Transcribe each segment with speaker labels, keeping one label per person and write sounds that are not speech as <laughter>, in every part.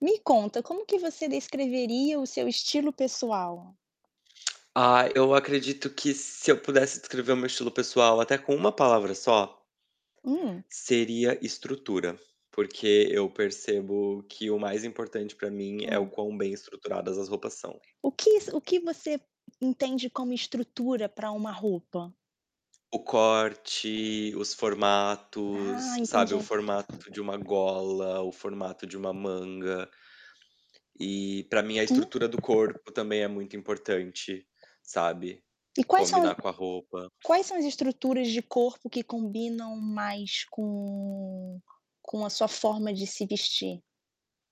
Speaker 1: Me conta, como que você descreveria o seu estilo pessoal?
Speaker 2: Ah, eu acredito que se eu pudesse descrever o meu estilo pessoal até com uma palavra só
Speaker 1: Hum.
Speaker 2: seria estrutura, porque eu percebo que o mais importante pra mim é o
Speaker 1: Hum.
Speaker 2: quão bem estruturadas as roupas são.
Speaker 1: O quis o que você entende como estrutura pra uma roupa?
Speaker 2: O corte, os
Speaker 1: Ah,
Speaker 2: formatos, sabe, o
Speaker 1: entendi.
Speaker 2: formato de uma gola, o formato de uma manga. E pra mim a
Speaker 1: Hum.
Speaker 2: estrutura do corpo também é muito importante, sabe,
Speaker 1: E quais são as
Speaker 2: combinar com a roupa.
Speaker 1: quais são as estruturas de corpo que combinam mais com com a sua forma de se vestir?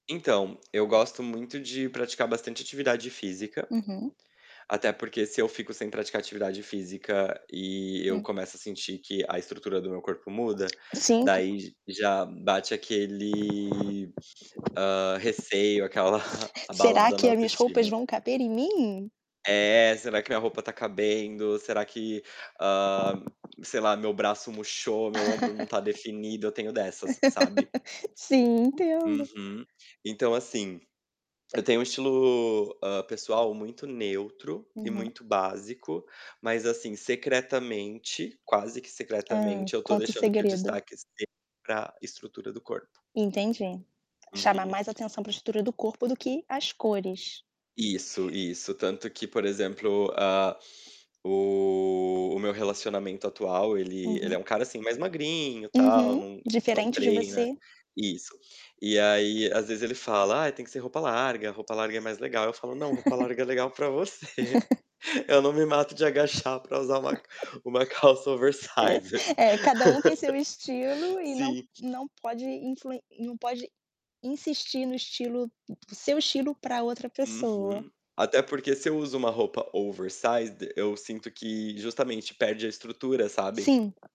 Speaker 2: Então, eu gosto muito de praticar bastante atividade física,
Speaker 1: Uhum.
Speaker 2: até porque se eu fico sem praticar atividade física e eu
Speaker 1: Hum.
Speaker 2: começo a sentir que a estrutura do meu corpo muda,
Speaker 1: 5.
Speaker 2: daí j já bate aquele, hã, receio, aquela <chuckles>
Speaker 1: Será
Speaker 2: abalada na
Speaker 1: que a minhas roupas
Speaker 2: autoestima.
Speaker 1: vão caber em mim?
Speaker 2: É, será que minha roupa tá cabendo? Será que ah, sei lá, meu braço murchou? Meu ombro não tá
Speaker 1: <laughs>
Speaker 2: definido? Eu tenho dessas, sabe.
Speaker 1: <laughs> Sim, entendo.
Speaker 2: Uhum. Então, assim, eu tenho um estilo, hã, pessoal muito neutro e
Speaker 1: Uhum.
Speaker 2: muito básico, mas assim, secretamente, quase que
Speaker 1: Hã,
Speaker 2: secretamente eu tô
Speaker 1: conta o
Speaker 2: deixando que o
Speaker 1: segredo.
Speaker 2: destaque seja pra estrutura do corpo.
Speaker 1: Entendi. Chamar
Speaker 2: Uhum.
Speaker 1: mais atenção pra estrutura do corpo do que as cores.
Speaker 2: Isso, isso. Tanto que, por exemplo, ah, o o meu relacionamento atual, ele ele é
Speaker 1: Uhum.
Speaker 2: um cara assim, mais magrinho, tal,
Speaker 1: Uhum.
Speaker 2: não não
Speaker 1: Diferente de
Speaker 2: treina
Speaker 1: você.
Speaker 2: isso. E aí, às vezes, ele fala: "Ai, tem que ser roupa larga, roupa larga é mais legal." Eu falo: "Não, roupa
Speaker 1: <laughs>
Speaker 2: larga é legal pra você,
Speaker 1: <laughs>
Speaker 2: eu não me mato de agachar pra usar
Speaker 1: Ah
Speaker 2: uma
Speaker 1: é.
Speaker 2: uma calça oversize."
Speaker 1: É, é cada um tem seu estilo
Speaker 2: <laughs>
Speaker 1: e não
Speaker 2: Sim.
Speaker 1: não pode influen não pode insistir no estilo do seu estilo pra outra pessoa.
Speaker 2: Uhum. Até porque se eu uso uma roupa oversize de eu sinto que, justamente, perde a estrutura, sabe.
Speaker 1: Sim.